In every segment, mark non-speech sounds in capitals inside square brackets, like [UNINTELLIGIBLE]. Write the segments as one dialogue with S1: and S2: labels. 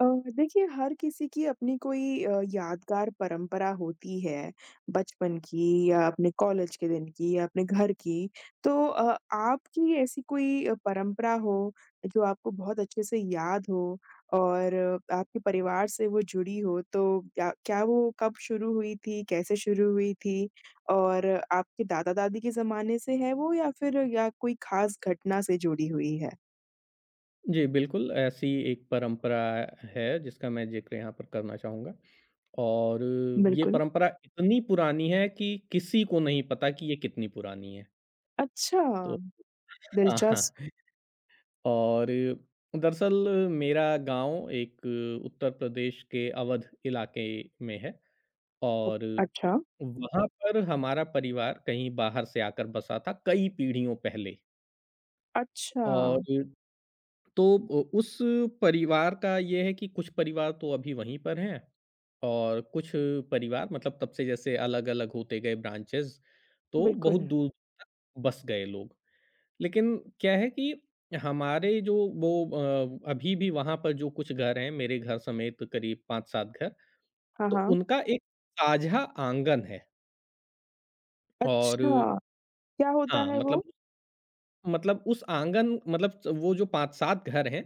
S1: अ, देखिए हर किसी की अपनी कोई अ, यादगार परंपरा होती है, बचपन की या अपने कॉलेज के दिन की या अपने घर की, तो अ, आपकी ऐसी कोई अ, परंपरा हो, जो आपको बहुत अच्छे से याद हो और आपके परिवार से वो जुड़ी हो तो या क्या वो कब शुरू हुई थी, कैसे शुरू हुई थी? और आपके दादा-दादी के ज़माने से है वो या फिर या कोई खास घटना से जुड़ी हुई है?
S2: जी, बिल्कुल ऐसी एक परंपरा है जिसका मैं ज़िक्र यहाँ पर करना चाहूँगा। और ये
S1: बिल्कुल।
S2: परंपरा इतनी पुरानी है कि किसी को नहीं पता कि ये कितनी पुरानी है।
S1: अच्छा,
S2: तो अ, हाँ।
S1: दिलचस्प।
S2: और दरअसल मेरा गाँव एक उत्तर प्रदेश के अवध इलाके में है
S1: ओ
S2: और
S1: अच्छा।
S2: वहाँ पर हमारा परिवार कहीं बाहर से आकर बसा था कई पीढ़ियों पहले। और
S1: अच्छा।
S2: तो उस परिवार का ये है कि कुछ परिवार तो अभी वहीं पर हैं और कुछ परिवार मतलब तब से जैसे अलग-अलग होते गए ब्रांचेज़। तो बहुत
S1: बिल्कुल।
S2: दूर तक बस गए लोग। लेकिन क्या है कि हमारे जो वो अ, अभी भी वहाँ पर जो कुछ घर हैं मेरे घर समेत करीब 5-7 घर,
S1: हाँ,
S2: तो
S1: हाँ।
S2: उनका एक साझा आँगन है। और
S1: अच्छा, क्या होता
S2: हाँ,
S1: है
S2: मतलब
S1: वो?
S2: उ मतलब उस आँगन मतलब च वो जो 5-7 घर हैं,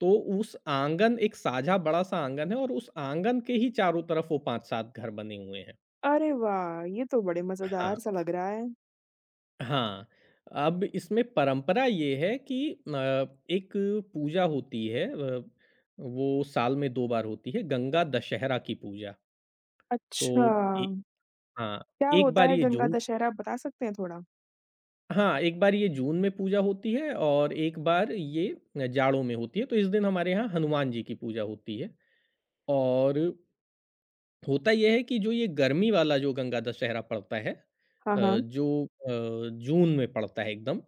S2: तो उस आँगन एक साझा बड़ा-सा आँगन है, और उस आँगन के ही चारों तरफ वो 5-7 घर बने हुए हैं।
S1: अरे वाह! ये तो बड़े
S2: हाँ।
S1: मज़ेदार-सा लग रहा है।
S2: हाँ, अब इसमें परंपरा ये है कि न एक पूजा होती है अ, वो साल में 2 बार होती है, गंगा दशहरा की पूजा। तो
S1: अच्छा।
S2: ए हाँ,
S1: क्या
S2: एक
S1: होता
S2: बार
S1: है
S2: ये
S1: गंगा
S2: जून
S1: दशहरा, आप बता सकते हैं थोड़ा?
S2: हाँ, एक बार ये जून में पूजा होती है और एक बार ये अ, जाड़ों में होती है, तो इस दिन हमारे यहाँ हनुमान जी की पूजा होती है। और होता ये है कि जो ये गर्मी वाला जो गंगा दशहरा पड़ता है
S1: हाँ,
S2: अ,
S1: हाँ।
S2: जो अ, जून में पड़ता है एकदम,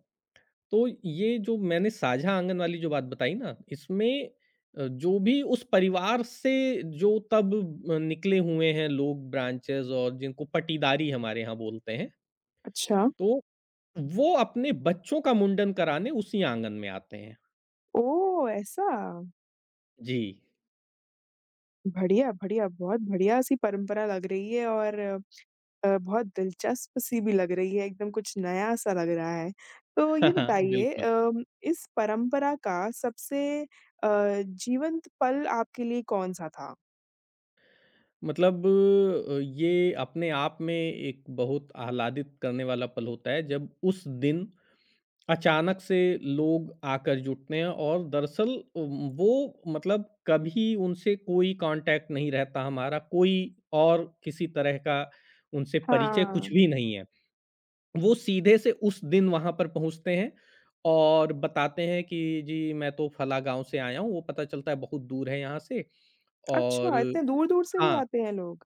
S2: तो ये जो मैंने साझा आँगन वाली जो बात बताई ना, इसमें अ, जो भी उस परिवार से जो तब ब अ, निकले हुए हैं लोग ब्रांचेज़ और जिनको पटिदारी हमारे यहाँ बोलते हैं।
S1: अच्छा।
S2: तो, वो अपने बच्चों का मुंडन कराने उसी आँगन में आते हैं।
S1: ओह! ऐसा?
S2: जी।
S1: बढ़िया, बढ़िया। बहुत बढ़िया-सी परंपरा लग रही है और अ, बहुत दिलचस्प-सी भी लग रही है, एकदम कुछ नया-सा लग रहा है। तो ये
S2: [CHUCKLES]
S1: बताइए
S2: बिल्कुल।
S1: अम, इस परंपरा का सबसे अ, जीवंत पल आपके लिए कौन-सा था?
S2: मतलब अ, ये अपने आप में एक बहुत आह्लादित करने वाला पल होता है जब उस दिन, अचानक से लोग आकर जुटने और दरअसल उम, वो मतलब कभी उनसे कोई कॉन्टैक्ट नहीं रहता हमारा। कोई और किसी तरह का उनसे परिचय कुछ
S1: हाँ।
S2: भी नहीं है। वो सीधे से उस दिन वहाँ पर पहुँचते हैं और बताते हैं कि जी, मैं तो फला गाँव से आया हूँ, वो पता चलता है बहुत दूर है यहाँ से और
S1: अच्छा, इतने दूर-दूर से भी
S2: हाँ।
S1: आते हैं लोग?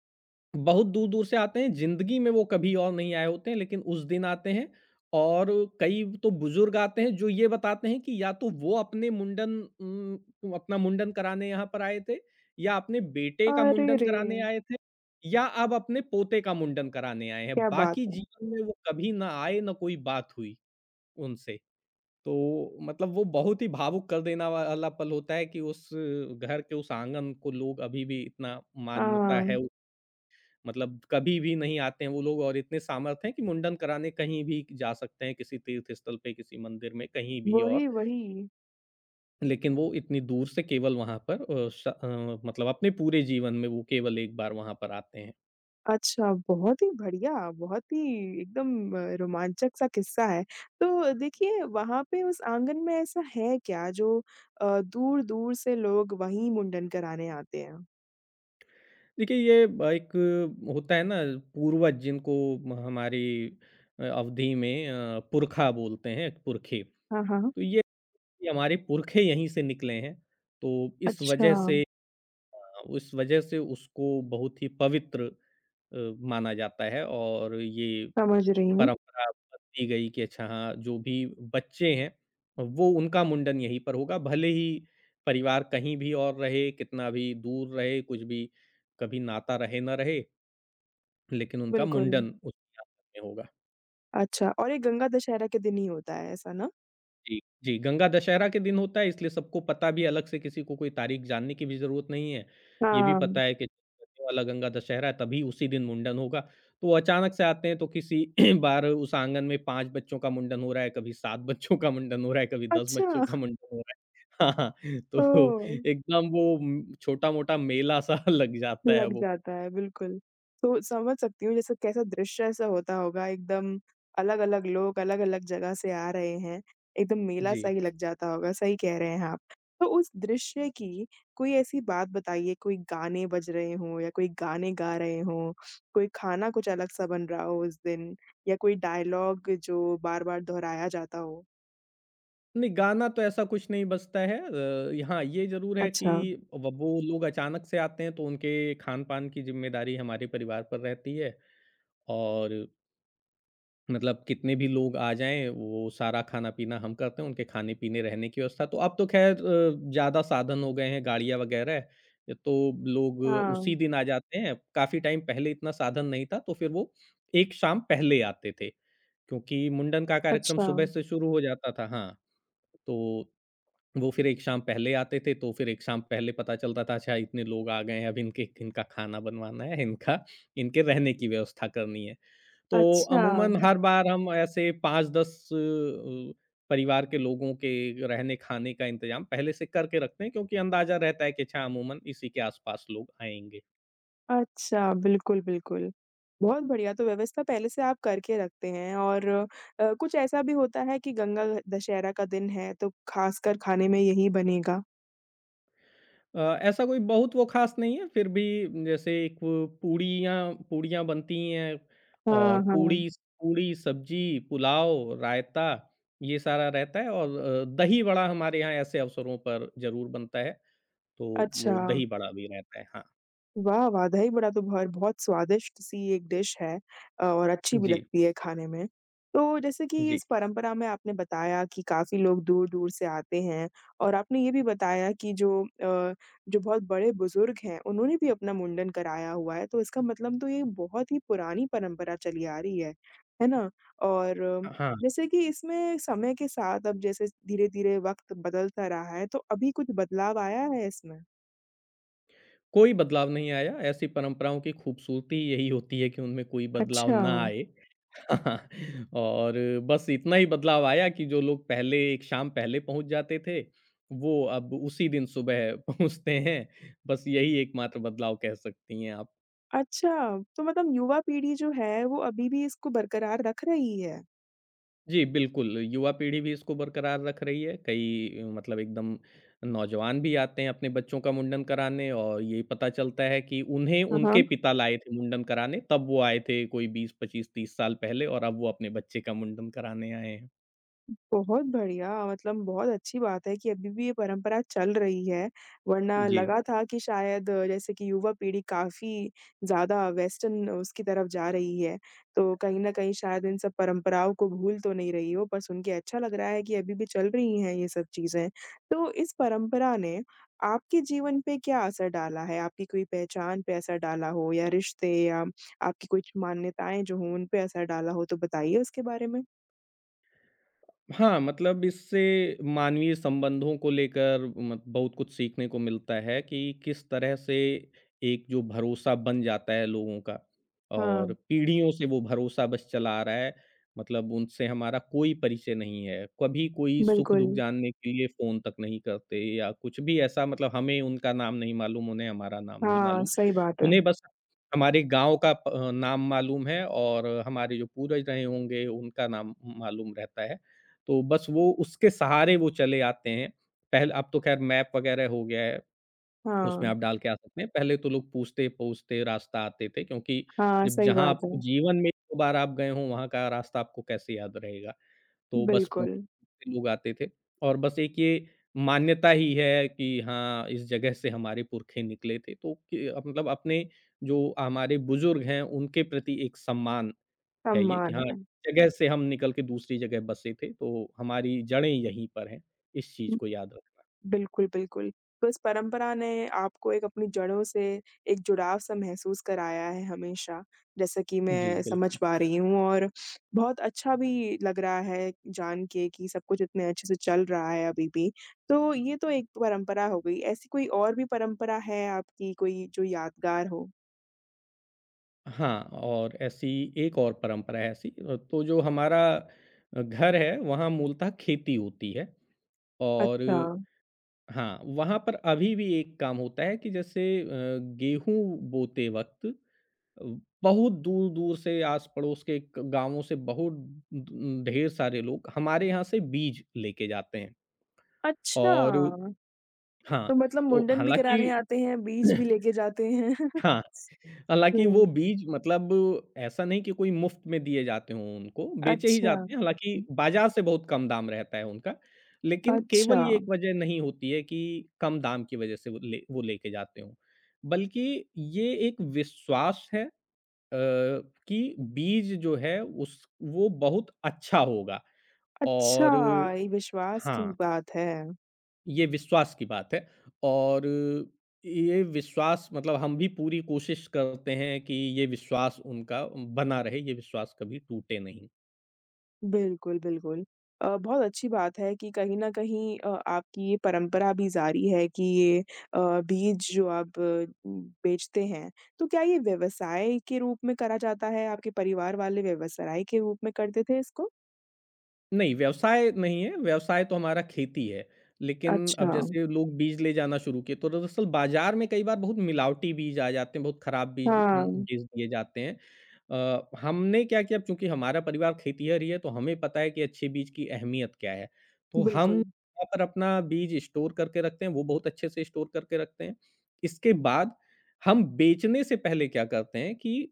S2: बहुत दूर-दूर से आते हैं। ज़िंदगी में वो कभी और नहीं आए होते हैं लेकिन उस दिन आते हैं और कई व तो बुज़ुर्ग आते हैं, जो ये बताते हैं कि या तो वो अपने मुंडन उम, अपना मुंडन कराने यहाँ पर आए थे या अपने बेटे का
S1: अरे
S2: मुंडन
S1: रे!
S2: कराने आए थे, या अब अपने पोते का मुंडन कराने आए हैं।
S1: क्या बात
S2: बाकी
S1: है।
S2: जीवन में वो कभी ना आए, ना कोई बात हुई उनसे। तो मतलब वो बहुत ही भावुक कर देना वाला पल होता है कि उस घर के उस आँगन को लोग अभी भी इतना मानता है।
S1: हाँ।
S2: मतलब कभी भी नहीं आते हैं वो लोग और इतने सामर्थ्य हैं कि मुंडन कराने कहीं भी क जा सकते हैं किसी तीर्थस्थल पे, किसी मंदिर में, कहीं भी
S1: वो
S2: और।
S1: ही, वही।
S2: लेकिन वो इतनी दूर से केवल वहाँ पर अ, श अ, मतलब अपने पूरे जीवन में वो केवल 1 बार वहाँ पर आते हैं।
S1: अच्छा, बहुत ही बढ़िया बहुत ही एकदम रोमांचक-सा किस्सा है, तो देखिए वहाँ पे उस आँगन में ऐसा है क्या जो अ, दूर-दूर से लोग वही मुंडन कराने आते हैं?
S2: देखिए ये ब एक होता है ना पूर्वज जिनको हमारी अवधि में अ, पुरखा बोलते हैं पुरखे, तो
S1: हाँ, हाँ।
S2: ये ये हमारे पुरखे यहीं से निकले हैं। तो इस वज़ह
S1: अच्छा।
S2: से अ, उस वजह से उसको बहुत ही पवित्र अ, माना जाता है और ये
S1: समझ रही हूँ।
S2: परंपरा बनती गई कि अच्छा हाँ, जो भी बच्चे हैं, वो उनका मुंडन यहीं पर होगा भले ही परिवार कहीं भी और रहे, कितना भी दूर रहे, कुछ भी, कभी नाता रहे ना रहे। लेकिन उनका
S1: बिल्कुल।
S2: मुंडन, उस [UNINTELLIGIBLE] ये होगा।
S1: अच्छा और ये गंगा दशहरा के दिन ही होता है ऐसा ना?
S2: जी, जी, गंगा दशहरा के दिन होता है इसलिए सबको पता भी अलग से किसी को कोई तारीख जानने की भी ज़रूरत नहीं है, ये भी
S1: हाँ।
S2: पता है कि [UNINTELLIGIBLE] वाला गांगा दशहरा है तभी उसी दिन मुंडन होगा, तो अचानक से आते हैं तो किसी [CLEARS THROAT] बाहर उस आंगन में 5 बच्चों का मुंडन हो रहा है, कभी 7 बच्चों का मुंडन हो रहा है, कभी 10 बच्चों का
S1: अच्छा।
S2: मुंडन हो रहा है। हाँ, हाँ, तो
S1: ओह!
S2: एकदम वो उम, छोटा-मोटा मेला-सा लग जाता है
S1: लग
S2: वो।
S1: जाता है बिल्कुल, तो समझ सकती हूँ जैसे कैसा दृश्य ऐसा होता होगा एकदम, अलग-अलग लोग अलग-अलग जगह से आ रहे हैं, एकदम मेला-सा
S2: जी।
S1: ही लग जाता होगा, सही कह रहे हैं आप। तो उस दृश्य की, कोई ऐसी बात बताइए कोई गाने बज रहे हों या कोई गाने गा रहे हों, कोई खाना कुछ अलग-सा बन रहा हो उस दिन, या कोई डायलॉग जो बार-बार दोहराया जाता हो?
S2: नहीं गाना तो ऐसा कुछ नहीं बजता है। अ, यहाँ ये ज़रूर है कि
S1: अच्छा।
S2: अब वो लोग अचानक से आते हैं तो उनके खान-पान की ज़िम्मेदारी हमारे परिवार पर रहती है और मतलब कितने भी लोग आ जाएँ, वो सारा खाना-पीना हम करते हैं, उनके खाने-पीने, रहने की व्यवस्था। तो अब तो खैर अ, ज़्यादा साधन हो गए हैं गाड़ियाँ वग़ैरह अ, तो लोग
S1: हाँ।
S2: उसी दिन आ जाते हैं। काफ़ी टाइम पहले इतना साधन नहीं था तो फिर वो एक शाम पहले आते थे, क्योंकि मुंडन का कार्यक्रम सुबह
S1: अच्छा।
S2: से शुरू हो जाता था। हाँ, तो वो फिर एक शाम पहले आते थे तो फिर एक शाम पहले पता चलता था अच्छा, इतने लोग आ गए हैं, अब इनके इनका खाना बनवाना है, इनका इनके रहने की व्यवस्था करनी है। तो
S1: अच्छा।
S2: अमूमन हर बार हम ऐसे 5-10 अ, परिवार के लोगों के रहने-खाने का इंतज़ाम पहले से करके रखते हैं क्योंकि अंदाज़ा रहता है कि अच्छा अमूमन इसी के आस-पास लोग आएँगे।
S1: अच्छा, बिल्कुल, बिल्कुल। बहुत बढ़िया, तो व्यवस्था पहले से आप करके रखते हैं और अ, कुछ ऐसा भी होता है कि गंगा ह दशहरा का दिन है तो ख़ासकर खाने में यही बनेगा?
S2: अ, ऐसा कोई बहुत वो ख़ास नहीं है फिर भी जैसे एक वो पूड़ियाँ पूड़ियाँ बनती ही हैं
S1: हाँ,
S2: और
S1: हाँ।
S2: पूड़ी, स पूड़ी, सब्ज़ी, पुलाव, रायता ये सारा रहता है और अ, दही-वड़ा हमारे यहाँ ऐसे अवसरों पर ज़रूर बनता है, तो वो
S1: अच्छा।
S2: दही-बड़ा भी रहता है, हाँ।
S1: वाह वाह! दही-बड़ा तो भर बहुत स्वादिष्ट-सी एक डिश है अ, और अच्छी भी
S2: जी।
S1: लगती है खाने में। तो जैसे कि
S2: जी।
S1: इस परंपरा में आपने बताया कि काफ़ी लोग दूर-दूर से आते हैं और आपने ये भी बताया कि जो अ, जो बहुत बड़े-बुज़ुर्ग हैं, उन्होंने भी अपना मुंडन कराया हुआ है तो इसका मतलब तो ये बहुत ही पुरानी परंपरा चली आ रही है, है ना? और
S2: अ, हाँ।
S1: जैसे कि इसमें समय के साथ अब जैसे धीरे-धीरे वक़्त बदलता रहा है तो अभी कुछ बदलाव आया है इसमें?
S2: कोई बदलाव नहीं आया, ऐसी परंपराओं की खूबसूरती यही होती है कि उनमें कोई बदलाव ना
S1: अच्छा।
S2: आए। [LAUGHS] और बस इतना ही बदलाव आया कि जो लोग पहले एक शाम पहले पहुँच जाते थे वो अब उसी दिन सुबह पहुँचते हैं। बस यही एक मात्र बदलाव कह सकती हैं आप।
S1: अच्छा, तो मतलब युवा पीढ़ी जो है, वो अभी भी इसको बरकरार रख रही है?
S2: जी, बिल्कुल, युवा पीढ़ी भी इसको बरकरार रख रही है, कई मतलब एकदम नौजवान भी आते हैं अपने बच्चों का मुंडन कराने और यही पता चलता है कि उन्हें
S1: हाँ,
S2: उनके
S1: हाँ।
S2: पिता लाए थे मुंडन कराने तब वो आए थे कोई 20-25-30 साल पहले और अब वो अपने बच्चे का मुंडन कराने आए हैं।
S1: बहुत बढ़िया, मतलब बहुत अच्छी बात है कि अभी भी ये परंपरा चल रही है, वरना
S2: जी।
S1: लगा था कि शायद जैसे कि युवा पीढ़ी काफ़ी ज़्यादा वेस्टन उसकी तरफ़ जा रही है, तो कहीं न कहीं शायद इन सब परंपराओं को भूल तो नहीं रही हो पर सुनके अच्छा लग रहा है कि अभी भी चल रही हैं ये सब चीज़ें। तो इस परंपरा ने, आपके जीवन पे क्या असर डाला है? आपकी कोई पहचान पे असर डाला हो या रिश्ते या आपकी कुछ मान्यताएँ जो हो उन पे असर डाला हो तो बताइए उसके बारे में?
S2: हाँ, मतलब इससे मानवीय संबंधों को लेकर म बहुत कुछ सीखने को मिलता है कि किस तरह से एक जो भरोसा बन जाता है लोगों का।
S1: हाँ।
S2: और पीढ़ियों से वो भरोसा बस चला आ रहा है, मतलब उनसे हमारा कोई परिचय नहीं है, कभी कोई सुख-दुःख
S1: बिल्कुल।
S2: जानने के लिए फ़ोन तक नहीं करते या कुछ भी ऐसा मतलब हमें उनका नाम नहीं मालूम, उन्हें हमारा नाम नहीं
S1: हाँ,
S2: मालूम।
S1: सही बात है।
S2: उन्हें बस हमारे गाँव का प अ, नाम मालूम है और हमारे जो पूर्वज रहे होंगे उनका नाम मालूम रहता है। तो बस वो उसके सहारे वो चले आते हैं, पहले अब तो ख़ैर मैप वग़ैरह हो गया है, उसमें
S1: हाँ।
S2: आप डाल के आ सकते हैं। पहले तो लोग पूछते-पूछते रास्ता आते थे क्योंकि
S1: हाँ,
S2: जब
S1: सही
S2: जहाँ
S1: बात
S2: आपको
S1: है।
S2: जीवन में 1-2 बार आप गए हो वहाँ का रास्ता आपको कैसे याद रहेगा? तो बस पू
S1: बिल्कुल।
S2: लोग आते थे और बस एक ये मान्यता ही है कि हाँ, इस जगह से हमारे पूरखे निकले थे तो कि मतलब अपने जो हमारे बुज़ुर्ग हैं उनके प्रति एक सम्मान है ये कि
S1: सम्मान।
S2: हाँ, जगह से हम निकल के दूसरी जगह बसे थे तो हमारी जड़ें यहीं पर हैं। इस चीज़
S1: हुँ,
S2: को याद रखना।
S1: बिल्कुल, बिल्कुल, बस परंपरा ने आपको एक अपनी जड़ों से एक जुड़ाव-सा महसूस कराया है हमेशा, जैसा कि
S2: जी,
S1: मैं समझ
S2: बिल्कुल।
S1: पा रही हूँ और बहुत अच्छा भी लग रहा है जान के कि सब कुछ इतने अच्छे से चल रहा है अभी भी। तो ये तो एक परंपरा हो गई, ऐसी कोई और भी परंपरा है आपकी कोई जो यादगार हो?
S2: हाँ, और ऐसी एक और परंपरा है ऐसी। अ, तो जो हमारा अ, घर है, वहाँ मूलतः खेती होती है और
S1: अच्छा।
S2: हाँ, वहाँ पर अभी भी एक काम होता है कि जैसे अ, गेहूँ बोते वक़्त अ, बहुत दूर-दूर से आस-पड़ोस के ग गाँवों से बहुत दु उम, ढेर सारे लोग हमारे यहाँ से बीज लेके जाते हैं।
S1: अच्छा।
S2: और हाँ,
S1: तो मतलब
S2: तो
S1: मुंडन भी कराने
S2: हालाँकि
S1: आते हैं, बीज भी
S2: [CLEARS THROAT]
S1: लेके जाते हैं। [CHUCKLES]
S2: हाँ, हालाँकि वो
S1: हुँ।
S2: बीज मतलब ऐसा नहीं कि कोई मुफ़्त में दिए जाते हों उनको, बेचे ही
S1: अच्छा,
S2: जाते हैं।
S1: हुँ।
S2: हालाँकि बाज़ार से बहुत कम दाम रहता है उनका। लेकिन केवल ये
S1: अच्छा।
S2: एक वज़ह नहीं होती है कि कम दाम की वजह से वो ले वो लेके जाते हों। बल्कि ये एक विश्वास है अ, कि बीज जो है उस वो बहुत अच्छा होगा और
S1: अच्छा, ये विश्वास की
S2: हाँ।
S1: बात है।
S2: ये विश्वास की बात है और ये विश्वास मतलब हम भी पूरी कोशिश करते हैं कि ये विश्वास उनका उम, बना रहे, ये विश्वास कभी टूटे नहीं।
S1: बिल्कुल, बिल्कुल। अ, बहुत अच्छी बात है कि कहीं न कहीं अ, आपकी ये परंपरा अभी जारी है कि ये अ, बीज जो आप उम, बेचते हैं। तो क्या ये व्यवसाय के रूप में करा जाता है? आपके परिवार वाले व्यवसाय के रूप में करते थे इसको?
S2: नहीं, व्यवसाय नहीं है, व्यवसाय तो हमारा खेती है। लेकिन अब
S1: अच्छा।
S2: जैसे लोग बीज ले जाना शुरू किए तो दरअसल बाज़ार में कई बार बहुत मिलावटी बीज आ जाते हैं, बहुत खराब बीज उम,
S1: हाँ।
S2: बेच दिए जाते हैं। अ, हमने क्या किया अब चूँकि हमारा परिवार खेतीहर ही है तो हमें पता है कि अच्छे बीज की अहमियत क्या है। तो हम
S1: बिल्कुल।
S2: वहाँ पर अपना बीज स्टोर करके रखते हैं, वो बहुत अच्छे से स्टोर करके रखते हैं। इसके बाद हम बेचने से पहले क्या करते हैं कि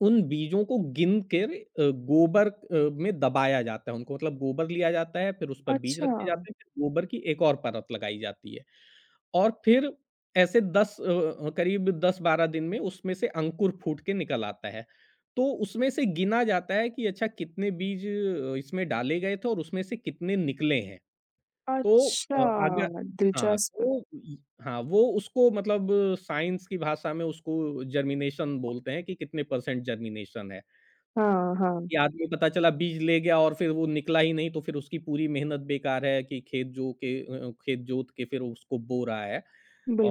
S2: उन बीजों को गिन कर अ, गोबर अ, में दबाया जाता है उनको, मतलब गोबर लिया जाता है फिर उस पर बीज रखे
S1: अच्छा।
S2: जाते हैं फिर गोबर की एक और परत लगाई जाती है और फिर ऐसे 10 अ अ, करीब 10-12 दिन में उसमें से अंकुर फूट के निकल आता है। तो उसमें से गिना जाता है कि अच्छा, कितने बीज अ, इसमें डाले गए थे और उसमें से कितने निकले हैं। तो अ, आगे
S1: अच्छा,
S2: हाँ,
S1: दिलचस्प।
S2: तो य हाँ, वो उसको मतलब साइंस की भाषा में उसको जर्मिनेशन बोलते हैं कि कितने परसेंट जर्मिनेशन है
S1: हाँ, हाँ।
S2: कि आदमी पता चला बीज ले गया और फिर वो निकला ही नहीं तो फिर उसकी पूरी मेहनत बेकार है कि खेत जो के अ अ, खेत जोत के फिर वो उसको बो रहा है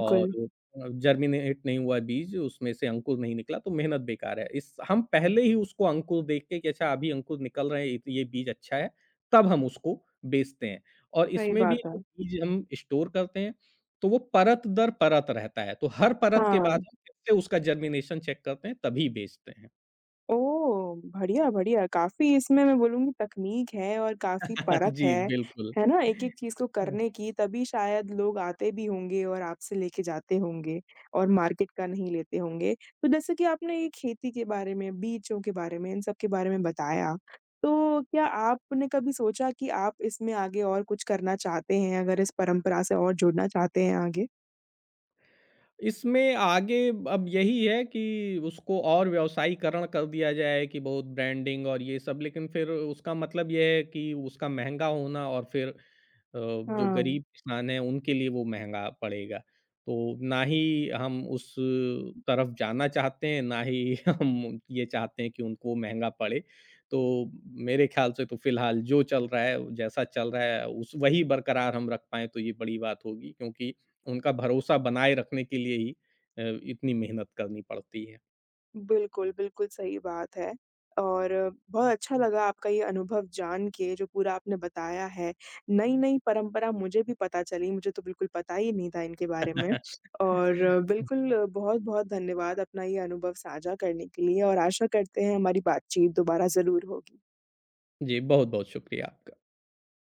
S2: और अ, जर्मिनेट नहीं हुआ है बीज। उसमें से अंकुर नहीं निकला तो मेहनत बेकार है। इस हम पहले ही उसको अंकुर देख के कि अच्छा, अभी अंकुर निकल रहे हैं ये तो ये बीज अच्छा है। तब हम उसको बेचते हैं और
S1: सही
S2: इसमें भी
S1: बात
S2: जो
S1: है।
S2: चीज़ हम स्टोर करते हैं, तो वो परत दर परत रहता है। तो हर परत के बाद
S1: हाँ।
S2: हम फिरसे उसका जर्मिनेशन चेक करते हैं तभी बेचते हैं।
S1: ओह! बढ़िया, बढ़िया, काफ़ी इसमें मैं बोलूँगी तकनीक है और काफ़ी
S2: [LAUGHS]
S1: परख
S2: जी,
S1: है,
S2: बिल्कुल,
S1: है ना? एक-एक चीज़ को
S2: हँ
S1: करने की तभी शायद लोग आते भी होंगे और आपसे लेके जाते होंगे और मार्केट का नहीं लेते होंगे, तो जैसे कि आपने ये खेती के बारे में, बीजों के बारे में, इन सब के बारे में बताया, तो क्या
S2: हाँ।
S1: आपने कभी सोचा कि आप इसमें आगे और कुछ करना चाहते हैं, अगर इस परंपरा से और जुड़ना चाहते हैं आगे?
S2: इसमें आगे अब यही है कि उसको और व्यवसायीकरण कर दिया जाए कि बहुत ब्रांडिंग और ये सब, लेकिन फिर उसका मतलब ये है कि उसका महँगा होना और फिर अ, जो
S1: हाँ।
S2: गरीब इंसान है उनके लिए वो महँगा पड़ेगा, तो ना ही हम उस तरफ़ जाना चाहते हैं, ना ही हम ये चाहते हैं कि उनको महँगा पड़े। तो मेरे ख़्याल से तो फ़िलहाल जो चल रहा है, जैसा चल रहा है, उस वही बरकरार हम रख पाएँ तो ये बड़ी बात होगी क्योंकि, उनका भरोसा बनाए रखने के लिए ही अ, इतनी मेहनत करनी पड़ती है।
S1: बिल्कुल, बिल्कुल, सही बात है। और बहुत अच्छा लगा आपका ये अनुभव जान के जो पूरा आपने बताया है, नई-नई परंपरा मुझे भी पता चली मुझे तो बिल्कुल पता ही नहीं था इनके बारे में। और
S2: [LAUGHS]
S1: बिल्कुल बहुत-बहुत धन्यवाद अपना ये अनुभव साझा करने के लिए और आशा करते हैं हमारी बातचीत दोबारा ज़रूर होगी।
S2: जी, बहुत-बहुत शुक्रिया आपका।